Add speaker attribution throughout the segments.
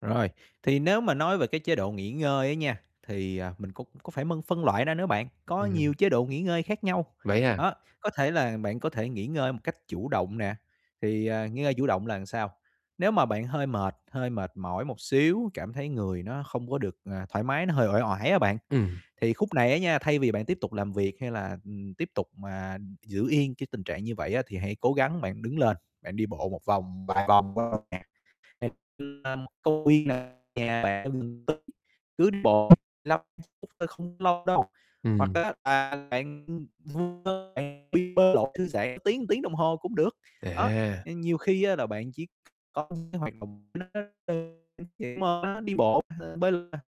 Speaker 1: Rồi, thì nếu mà nói về cái chế độ nghỉ ngơi á nha, thì, à, mình có có phải mân phân loại ra nữa bạn, có nhiều
Speaker 2: Ừm.
Speaker 1: chế độ nghỉ ngơi khác nhau.
Speaker 2: Vậy à?
Speaker 1: Đó, có thể là bạn có thể nghỉ ngơi một cách chủ động nè, thì, à, nghỉ ngơi chủ động là làm sao? Nếu mà bạn hơi mệt, hơi mệt mỏi một xíu, cảm thấy người nó không có được, à, thoải mái, nó hơi uể oải á bạn,
Speaker 2: Ừm.
Speaker 1: thì khúc này á nha, thay vì bạn tiếp tục làm việc hay là, ừm, tiếp tục, à, giữ yên cái tình trạng như vậy á, thì hãy cố gắng bạn đứng lên, bạn đi bộ một vòng vài vòng quanh một nhà, [unintelligible] như là công viên nè, nhà bạn ở gần tới cứ đi bộ lăm phút, ưm, thôi không lâu đâu. Hoặc
Speaker 2: Ừm.
Speaker 1: á, là bạn, ừm, vu vơ nè, đi bơi lội thư giãn tiếng tiếng đồng hồ cũng được, đó,
Speaker 2: À!
Speaker 1: ừm, nhiều khi á, là bạn chỉ có cái hoạt động nó rất đơn giản [unintelligible] đi bộ hay bơi nè,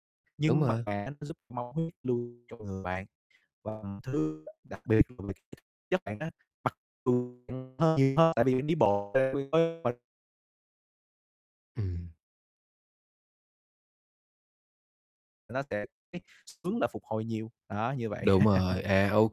Speaker 2: Đúng
Speaker 1: nhưng mà
Speaker 2: mà.
Speaker 1: nó giúp máu huyết lưu trong người bạn và thứ đặc biệt [unintelligible] chất bạn đó mặc dù bạn hơn nhiều hơn tại vì bạn đi bộ [unintelligible]
Speaker 2: Ừm.
Speaker 1: Nó sẽ [unintelligible] hướng là phục hồi nhiều, đó như vậy
Speaker 2: Đúng rồi, à, OK,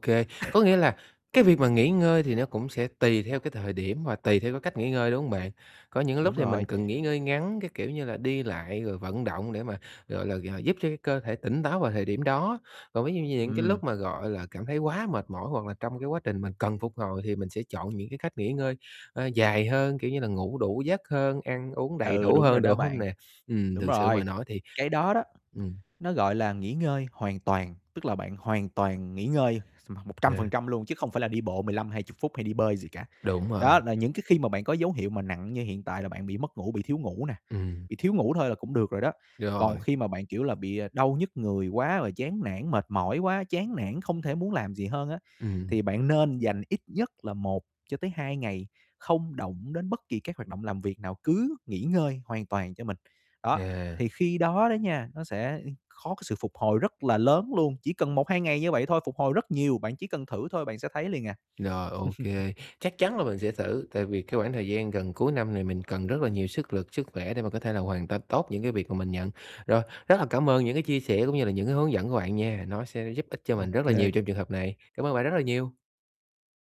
Speaker 2: có nghĩa là cái việc mà nghỉ ngơi thì nó cũng sẽ tùy theo cái thời điểm và tùy theo cái cách nghỉ ngơi, đúng hông bạn? Có những lúc
Speaker 1: Đúng
Speaker 2: thì mình
Speaker 1: rồi.
Speaker 2: cần nghỉ ngơi ngắn, cái kiểu như là đi lại rồi vận động để mà, gọi là, g giúp cho cái cơ thể tỉnh táo vào thời điểm đó. Còn ví dụ như những cái
Speaker 1: Ừm.
Speaker 2: lúc mà, gọi là, cảm thấy quá mệt mỏi hoặc là trong cái quá trình mình cần phục hồi thì mình sẽ chọn những cái cách nghỉ ngơi, a, dài hơn, kiểu như, là ngủ đủ giấc hơn, ăn uống đầy
Speaker 1: Ừ,
Speaker 2: đủ
Speaker 1: đúng rồi
Speaker 2: hơn,
Speaker 1: đó
Speaker 2: đúng hông
Speaker 1: bạn,
Speaker 2: nè? Ừm,
Speaker 1: đúng
Speaker 2: thực sự
Speaker 1: rồi,
Speaker 2: mà nói thì
Speaker 1: cái đó đó,
Speaker 2: ừm.
Speaker 1: nó gọi là nghỉ ngơi hoàn toàn, tức là bạn hoàn toàn nghỉ ngơi [unintelligible] một trăm phần
Speaker 2: À.
Speaker 1: trăm luôn chứ không phải là đi bộ 15, 20 phút hay đi bơi gì cả.
Speaker 2: Đúng rồi.
Speaker 1: Đó là những cái khi mà bạn có dấu hiệu nặng như hiện tại là bạn bị mất ngủ, bị thiếu ngủ nè,
Speaker 2: Ừm.
Speaker 1: bị thiếu ngủ thôi là cũng được rồi đó. Còn
Speaker 2: Rồi.
Speaker 1: khi mà bạn, kiểu là, bị, à, đau nhức người quá rồi chán nản, mệt mỏi quá, chán nản không thể muốn làm gì hơn á,
Speaker 2: Ừm.
Speaker 1: thì bạn nên dành ít nhất là 1-2 ngày không động đến bất kỳ các hoạt động làm việc nào, cứ nghỉ ngơi hoàn toàn cho mình. Đó,
Speaker 2: À.
Speaker 1: thì khi đó đó nha, nó sẽ, ưm, khó cái sự phục hồi rất là lớn luôn, chỉ cần 1, 2 ngày như vậy thôi, phục hồi rất nhiều, bạn chỉ cần thử thôi bạn sẽ thấy liền à.
Speaker 2: Rồi, OK, chắc chắn là mình sẽ thử, tại vì cái khoảng thời gian gần cuối năm này mình cần rất là nhiều sức lực, sức khỏe để mà có thể là hoàn tất tốt những cái việc mà mình nhận. Rồi, rất là cảm ơn những cái chia sẻ cũng như là những cái hướng dẫn của bạn nha, nó sẽ giúp ích cho mình rất là nhiều
Speaker 1: OK.
Speaker 2: trong trường hợp này. Cảm ơn các bạn rất là nhiều.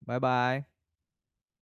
Speaker 1: Bye bye.